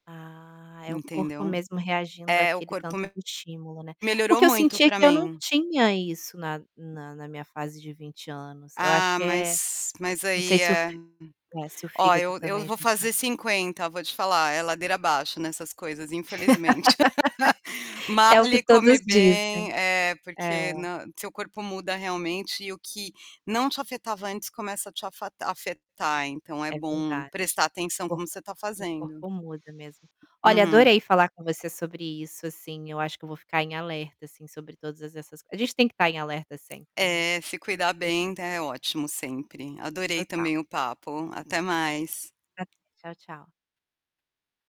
Ah, é o corpo Entendeu? mesmo reagindo É, o aquele corpo tanto do me estímulo, né. melhorou Porque eu muito sentia para que eu não mim. tinha isso na na na minha fase de 20 anos, eu acho Ah, que é mas mas não sei aí se o é. fi se o Olha fígado eu eu também já vou está fazer 50, vou te falar, é ladeira abaixo nessas coisas infelizmente. É o que Malhe, come todos bem dizem. é, É. porque nã seu corpo muda realmente e o que não te afetava antes começa a te afatar afetar, então é É bom verdade, prestar o atenção corpo como você está o fazendo. corpo muda mesmo. Olha Uhum. adorei falar com você sobre isso, assim, eu acho que eu vou ficar em alerta assim sobre todas essas a gente tem que estar em alerta sempre, né. É, se cuidar [unintelligible] bem é ótimo sempre. Adorei Total. também o papo, até mais. Prazer. Tchau, tchau.